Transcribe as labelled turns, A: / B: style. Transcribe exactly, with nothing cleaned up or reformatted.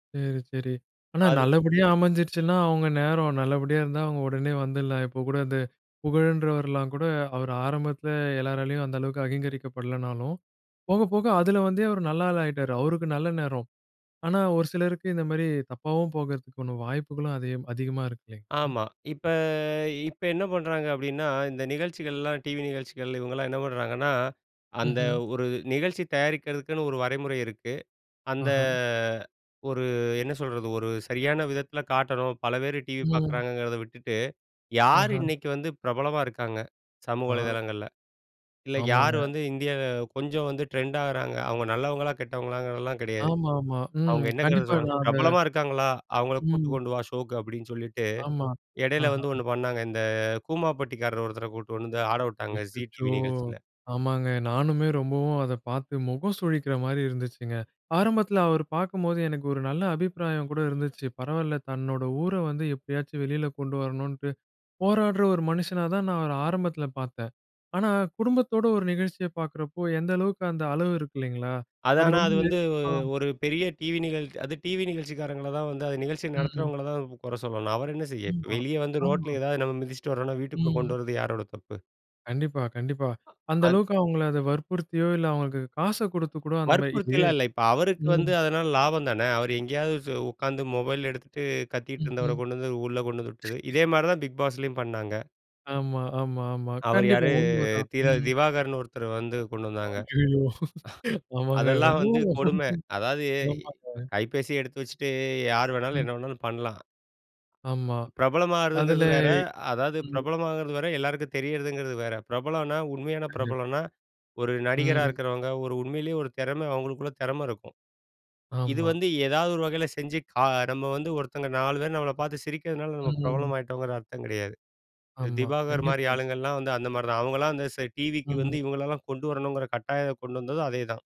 A: சரி, சரி. ஆனா
B: அது
A: நல்லபடியா அமைஞ்சிருச்சுனா, அவங்க நேரம். நல்லபடியா இருந்தா அவங்க உடனே வந்துர்லாம். இப்போ கூட இந்த புகழன்றவர்லாம் கூட, அவர் ஆரம்பத்தில எல்லோராலயும் அந்த அளவுக்கு அகிங்கரிக்கப்படலனாலும் போக போக அதில வந்தே அவர் நல்ல ஆளாயிட்டாரு, அவருக்கு நல்ல நேரம். ஆனா ஒரு சிலருக்கு இந்த மாரி தப்பாவும் போகறதுக்கான வாய்ப்புகளும் அதே அதிகமா இருக்கு. இல்லங்களா?
B: ஆமா. இப்ப, இப்ப என்ன பண்றாங்க அப்படின்னா, இந்த நிகழ்ச்சிகள்லாம் டிவி நிகழ்ச்சிகள் இவங்கெல்லாம் என்ன பண்றாங்கன்னா, அந்த
A: ம்ஹம்.
B: ஒரு நிகழ்ச்சி தயாரிக்கிறதுக்குன்னு ஒரு வரைமுறை இருக்கு. அந்த
A: ஆஹா.
B: ஒரு என்ன சொல்றது? ஒரு சரியான விதத்தில காட்டணும். பல பேர் டிவி
A: ம்.
B: பார்க்குறாங்கங்கிறத விட்டுட்டு, யார்
A: ஆஹா
B: இன்னக்கு வந்து பிரபலமா இருக்காங்க சமூக
A: ஆ.
B: வலதளங்கள்ல. இல்ல யார்
A: ஆமாங்க.
B: வந்து இந்தியா கொஞ்சம் வந்து ட்ரெண்ட் ஆகறாங்க. அவங்க நல்லவங்களா கெட்டவங்களாங்கிறதெல்லாம் கிடையாது.
A: ஆமாமா, ம்.
B: அவங்க என்னங்க
A: கண்டிப்பா
B: சொன்னாங்
A: நான் அத
B: ''பிரபலமா இருக்காங்களா! அவங்கள
A: ம்.
B: கூட்டி கொண்டு வா, ஷோக்கு.'' அப்படின்னு சொல்லிட்டு
A: ஆமா.
B: இடையில
A: ஆஹா.
B: வந்து ஒண்ணு பண்ணாங்க. இந்த கூமாபட்டிக்காரர் ஒருத்தர கூட்டிட்டு வந்து ஆட விட்டாங்க ஜி
A: அச்சச்சோ!
B: டிவி நிகழ்ச்சில.
A: ஆமாங்க. நானுமே ரொம்பவும் அத பார்த்து முகம் சுழிக்கிற மாரி இருந்துச்சுங்க. ஆரம்பத்தில அவர் பார்க்கும்போது எனக்கு ஒரு நல்ல அபிப்பிராயம் கூட இருந்துச்சு. பரவால்ல, தன்னோட ஊர வந்து எப்பயாச்சும் வெளில கொண்டு வரணும்ன்ட்டு போராடுற ஒரு மனுஷனாதான், நான் அவர ஆரம்பத்தில பார்த்தேன். ஆனா குடும்பத்தோட ஒரு நிகழ்ச்சியை பார்க்கிறப்போ, எந்த அளவுக்கு அந்த அளவு இருக்கு. இல்லங்களா!
B: அது
A: அது
B: ஆனா,
A: ரொம்ப
B: அது வந்து
A: நெருக்க
B: வு
A: ஆ.
B: ஒரு பெரிய டிவி நிகழ் அது டிவி நிகழ்ச்சிக்காரங்கள தான் வந்து அது நிகழ்ச்சியை
A: ம். ம்.
B: நடத்துறவங்கள தான் கு குறை சொல்லணும். அவரு என்ன செய்ய! இப்ப
A: ம்மா,
B: வெளிய வந்து
A: ஆமா.
B: ரோட்டில எதாவது நம்ம மிதிச்சிட்டு வரோம்னா, வீட்டுக்குள்ள கொண்டு
A: ம்.
B: வரது யாரோட தப்பு?
A: கண்டிப்பா, கண்டிப்பா. அந்த
B: அன்
A: அளவுக்கு அவங்கள அது வற்புறுத்தியோ, இல்ல அவங்களுக்கு காச கொடுத்து கூட அந்த மாரி இ
B: வற்புறுத்தில்லாம் இல்ல. இப்ப அவருக்கு வந்து
A: ம்.
B: அதனால லாபம் தான. அவரு எங்கயாவது சு உட்கார்ந்து மொபைல எடுத்துட்டு, கத்திட்டு இருந்தவர
A: ம்ஹ்ம்.
B: கொண்டு வந்து உள்ள கொண்டு வந்து விட்டது. இதே மாரி தான் பிக் பாஸ்லயும் பண்ணாங்க.
A: ஆமா, ஆமா, ஆமா.
B: அவர்
A: கண்டிப்பா,
B: யாரு?
A: உண்மதான்.
B: திர
A: ம்.
B: திவாகர்னு ஒருத்தரு வந்து கொண்டு வந்தாங்க.
A: அய்யயோ! ஆமாங்க.
B: அதெல்லாம் வந்து
A: ரொம்பவும்
B: கொடுமை. அதாவுது
A: ஆமாங்க.
B: இப்ப கைபேசி எடுத்து வச்சுட்டு யார் வேணாலும்
A: ம்.
B: என்ன வேணாலும் பண்ணலாம்.
A: ஆமா. அதுல
B: பிரபலமாறதுங்கிறது வேற. அதாவது
A: ம்.
B: பிரபலமாகறது வேற, எல்லாருக்கும் தெரியிறதுங்கிறது வேற. பிரபலம்ன்னா உண்மையான
A: கண்டிப்
B: பிரபலம்ன்னா, ஒரு நடிகரா
A: ம்.
B: இருக்கிறவங்க, ஒரு உண்மையிலயே ஒரு திறம அவங்களுக்குள்ள திறம இருக்கும். இது
A: ஆமா.
B: வந்து ஏதாவது ஒரு வகையில செஞ்சு கா நம்ம வந்து ஒருத்தவங்க நாலு பேரு நம்மள பார்த்து சிரிக்கிறனால நம்ம
A: ம், ம்.
B: பிரபலமாய்ட்டோங்கிற அர்த்தம் கிடையாது.
A: ஆமா.
B: திவாகர் மாரி
A: கண்டிப்பா.
B: ஆளுங்கெல்லாம் வந்து அந்த மாரி தான். அவங்கெல்லாம் அந்த செ
A: ம்,
B: டிவிக்கு வந்து
A: ம்.
B: இவங்கள எல்லாம் கொண்டு வரணுங்கிற கட்டாய கொண்டு வந்ததும் அதேதான்